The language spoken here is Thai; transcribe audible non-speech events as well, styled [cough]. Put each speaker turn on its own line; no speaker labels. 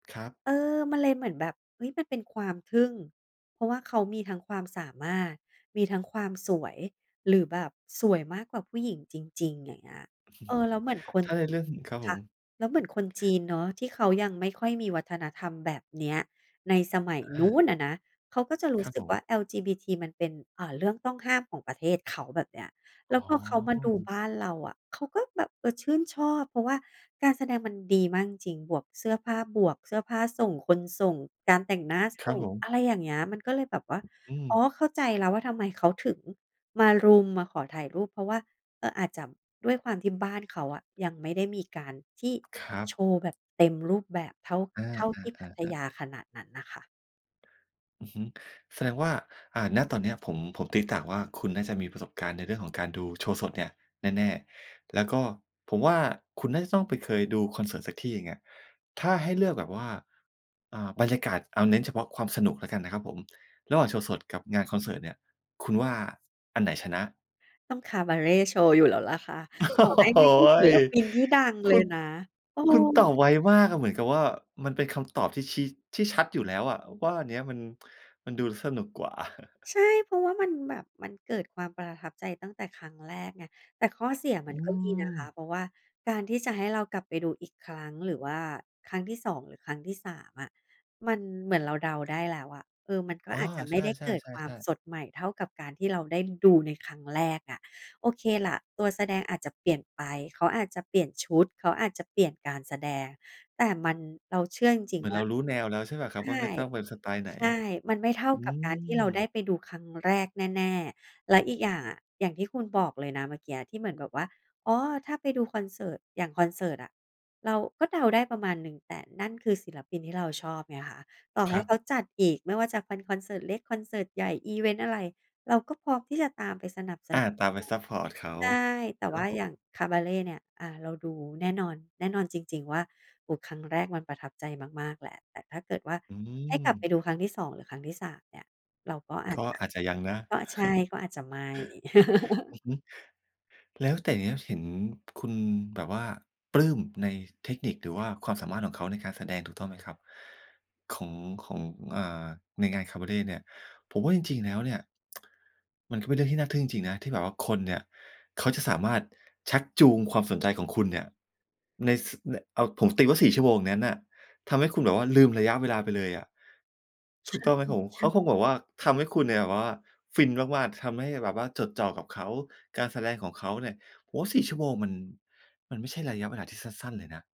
ครับ
เออ มันเลยเหมือนแบบ เฮ้ย มันเป็นความทึ่ง เพราะว่าเขามีทั้งความสามารถ มีทั้งความสวย หรือแบบสวยมากกว่าผู้หญิงจริง ๆ อย่างเงี้ย เออ แล้วเ
[chuckles]
หมือนคน
ถ้าในเรื่อง ครับผ
ค่ะ
ม
แล้วเหมือนคนจีนเนาะ ที่เขายังไม่ค่อยมีวัฒนธรรมแบบเนี้ยในสมัย
อ
นู้
า
นอะนะ เขาก็จะร
ค
ู้
รับ
สึ
ผ
ก
ม
ว่า LGBT มันเป็น เอ่อ เรื่องต้องห้ามของประเทศเขาแบบเนี้ย แล
อ
้
๋
วพอเขามาดู
อ
บ้านเราอะ เขาก็แบบ เออ ชื่นชอบ เพราะว่าการแสดงมันดีมากจริง ๆ บวกเสื้อผ้า บวกเสื้อผ้าส่ง คนส่ง การแต่งหน้า
ค
ส
รั
่
บ
ง
ผม
อะไรอย่างเงี้ย มันก็เลยแบบว่า
อื
อ๋อ
ม
เข้าใจแล้วว่าทำไมเขาถึงมารุม มาขอถ่ายรูป เพราะว่า เออ อาจจะด้วยความที่บ้านเขาอะยังไม่ได้มีการที่
ครั
โ
บ
ชว์แบบเต็มรูปแบบเท่า
อา
เท่าที่พัท
ๆ ๆ ๆ
ยาขนาดนั้นน่ะค่ะ
อือฮึ แสดงว่า อ่า ณ ตอนเนี้ยผม ผมตี๊ต่างว่า คุณน่าจะมีประสบการณ์ในเรื่องของการดูโชว์สดเนี่ยแน่ ๆ แล้วก็ผมว่าคุณน่าจะต้องไปเคยดูคอนเสิร์ตสักที่หนึ่งอะ ถ้าให้เลือกแบบว่า อ่า บรรยากาศ เอาเน้นเฉพาะความสนุกแล้วกันนะครับผม ระหว่างโชว์สดกับงานคอนเสิร์ตเนี่ย คุณว่าอันไหนชนะ?
ต้องคาบาเรต์โชว์อยู่แล้วล่ะคะ
โอ้
ต่อให้
โฮ
ไม่ใช่ศิลปินที่ดัง
ค
เล
ุ
ย
ณ
นะ เอ
คุณตอ
อ
บไวมากอะ เหมือนกับว่ามันเป็นคำตอบที่ชี้ ที่ชัดอยู่แล้วอะว่าอันเนี้ยมัน มันดูสนุกกว่า [chuckles]
ใช่ เพราะว่ามันแบบมันเกิดความประทับใจตั้งแต่ครั้งแรกไง แต่ข้อเสียม
อ
ั
ื
นก็มีนะคะ
ม
เพราะว่าการที่จะให้เรากลับไปดูอีกครั้ง หรือว่าครั้งที่ 2 หรือครั้งที่ 3 อะ มันเหมือนเราเดาได้แล้วอะ เออ มันก็
อ๋อ
อาจจะไ
ใ
ม่
ช่
ได้เกิดความ
ๆ ๆ ๆ
สดใหม่เท่ากับการที่เราได้ดูในครั้งแรกอะ โอเคล่ะ ตัวแสดงอาจจะเปลี่ยนไป เขาอาจจะเปลี่ยนชุด เขาอาจจะเปลี่ยนการแสดง แต่มัน เราเชื่อจริง
เหมือ
ๆ
น
ว
เ
่
ร
า
ารู้แนวแล้วใช่เปล่าค
ใ
ร
ช
ับ ว่า
่
มันต้องเป็นสไตล์ไหน?
ใช่ มันไม่เท่า
อื
กับการท
ม
ี่เราได้ไปดูครั้งแรกแน่ ๆ แล้วอีกอย่างอะ อย่างที่คุณบอกเลยนะเมื่อกี้ที่เหมือนแบบว่า อ๋อ ถ้าไปดูคอนเสิร์ต อย่างคอนเสิร์ตอะเราก็เดาได้ประมาณหนึ่ง แต่นั่นคือศิลปินที่เราชอบไงค่ะ ต่อ
ค
ให
ร
้
ั
เข
บ
าจัดอีกไม่ว่าจะคอน คอนเสิร์ตเล็ก คอนเสิร์ตใหญ่ อิเวนต์อะไร เราก็พร้อมที่จะตามไปสนับส
อา
นุน
ตามไปซ
[unintelligible]
ัปพอร์ตเขา
ใช่ แต่
คร
ว
ั
่
บ
า
ผ
อย
ม
่างคาบาเรต์เนี่ย อา เราดูแน่นอน แน่นอนจริง ๆ ว่า โอ้ ครั้งแรกมันประทับใจมาก ๆ แหละ แต่ถ้าเกิดว่า
อื
ให้กลับไป
ม
ดูครั้งที่ 2 หรือครั้งที่ 3 เนี่ย เราก็อา
ก
จ
็
จะ
อาจจะยังนะ
ก็ ใช่
[chuckles]
ก็อาจจะไม่
อ
[chuckles]
ือฮึ แล้วแต่อย่างเงี้ย เห็นคุณแบบว่าปลื้มในเทคนิค หรือว่าความสามารถของเขาในการแสดง ถูกต้องไหมครับ ของ ของ อ่า ในงานคาบาเรต์เนี่ย ผมว่าจริง ๆ แล้วเนี่ย [tsk] มันก็เป็นเรื่องที่น่าทึ่งจริง ๆ นะที่แบบว่าคนเนี่ย เขาจะสามารถชักจูงความสนใจของคุณเนี่ย ใน ส ใน เอาผมตีว่า 4 ชั่วโมงนั้นน่ะ ทำให้คุณแบบว่าลืมระยะเวลาไปเลยอะ
ใ
ถ
ช
ูกต้องไหมครับผม? เข
่
า
ๆ
คงแบบว่าทำให้คุณเนี่ยแบบว่าฟินมาก ๆ ทำให้แบบว่าจดจ่อกับเขา การแสดงของเขาเนี่ย โอ้โฮ 4 ชั่วโมงมัน มันไม่ใช่ระยะเวลาที่สั้น ๆ เลยนะ